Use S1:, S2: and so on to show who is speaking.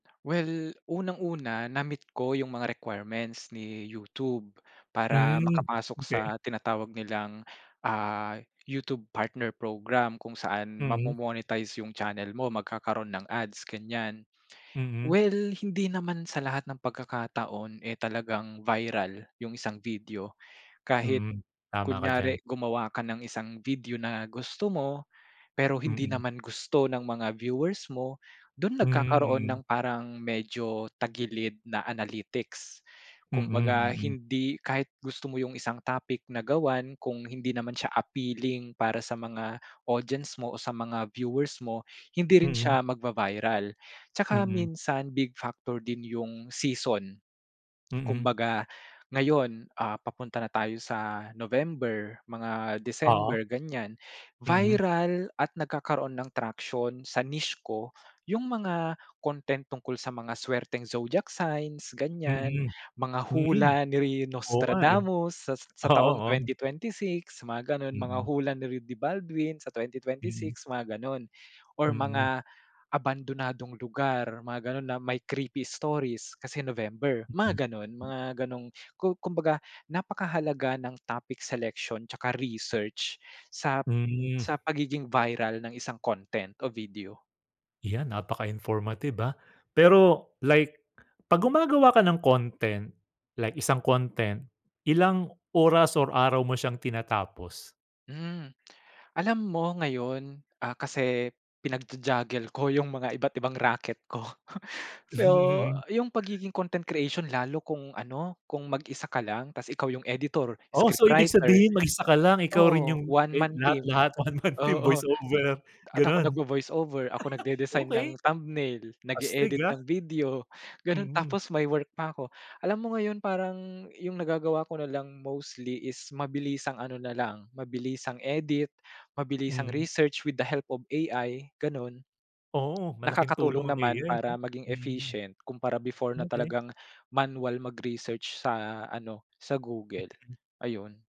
S1: Well unang-una, na-meet ko yung mga requirements ni YouTube para
S2: Hmm,
S1: makapasok sa
S2: okey.
S1: tinatawag nilang, ah, YouTube partner program kung saan mamo
S2: Mm.
S1: monetize yung channel mo, magkakaroon ng ads ganyan.
S2: Mm.
S1: Well, hindi naman sa lahat ng pagkakataon eh talagang viral yung isang video kahit
S2: Mm, tama ka diyan.
S1: kunyari gumawa ka ng isang video na gusto mo, pero hindi
S2: Mm.
S1: naman gusto ng mga viewers mo, do'n
S2: Hmm,
S1: nagkakaroon ng
S2: mm.
S1: parang medyo tagilid na analytics.
S2: Mm,
S1: Kumbaga
S2: mm.
S1: hindi kahit gusto mo yung isang topic na gawan kung hindi naman siya appealing para sa mga audience mo o sa mga viewers mo, hindi rin
S2: Mm.
S1: siya magva-viral. Tsaka
S2: Mm.
S1: minsan big factor din yung season.
S2: Mm.
S1: Kumbaga ngayon, ah, papunta na tayo sa November, mga
S2: Oo.
S1: December ganyan.
S2: Mhm.
S1: Viral at nagkakaroon ng traction sa niche ko yung mga content tungkol sa mga swerteng Zodiac signs, ganyan.
S2: Mm.
S1: Mga
S2: Mhm,
S1: hula ni
S2: oo nga ano.
S1: Nostradamus sa sa
S2: Oo,
S1: taong
S2: oh.
S1: 2026, mga ganon. Mga
S2: Mm.
S1: hula ni Rudy Baldwin sa twenty twenty
S2: Mm.
S1: six, mga ganon. Or
S2: Mm.
S1: mga abandonadong lugar, mga ganon na may creepy stories, kasi November, mga ganon.
S2: [unintelligible]
S1: Mga gano'ng ku kumbaga napakahalaga ng topic selection tsaka research sa
S2: Hmm.
S1: sa pagiging viral ng isang content o video.
S2: Yan, napaka-informative ah. Pero like 'pag gumagawa ka ng content like isang content, ilang oras or araw mo siyang tinatapos?
S1: Hmm. Alam mo ngayon, ah, kasi pinagja-juggle ko yung mga iba't ibang raket ko. So yung pagiging content creation lalo kung ano, kung mag-isa ka lang, tapos ikaw yung editor,
S2: Oh, so ibig
S1: scriptwriter
S2: sabihin mag-isa ka lang.
S1: o
S2: Ikaw
S1: oo,
S2: rin yung
S1: one
S2: e
S1: man team
S2: lahat-lahat. One man team,
S1: oo, a
S2: voice-over,
S1: at ako
S2: ganon?
S1: nagvo-voice-over, ako nagde-design ng
S2: Okey.
S1: thumbnail,
S2: Astig
S1: nag-eedit
S2: ah.
S1: ng video, ganon.
S2: Mhm.
S1: Tapos may work pa ako. Alam mo ngayon, parang yung nagagawa ko na lang mostly is mabilisang ano nalang, mabilisang edit, mabilisang
S2: Mm.
S1: research with the help of AI, ganon.
S2: Oo, malaking tulong
S1: Nakakatulong
S2: ang
S1: naman
S2: AI no,
S1: para maging
S2: mm.
S1: efficient kumpara before na
S2: Okey.
S1: talagang manual mag-research sa ano, sa Google,
S2: [unintelligible]
S1: ayun.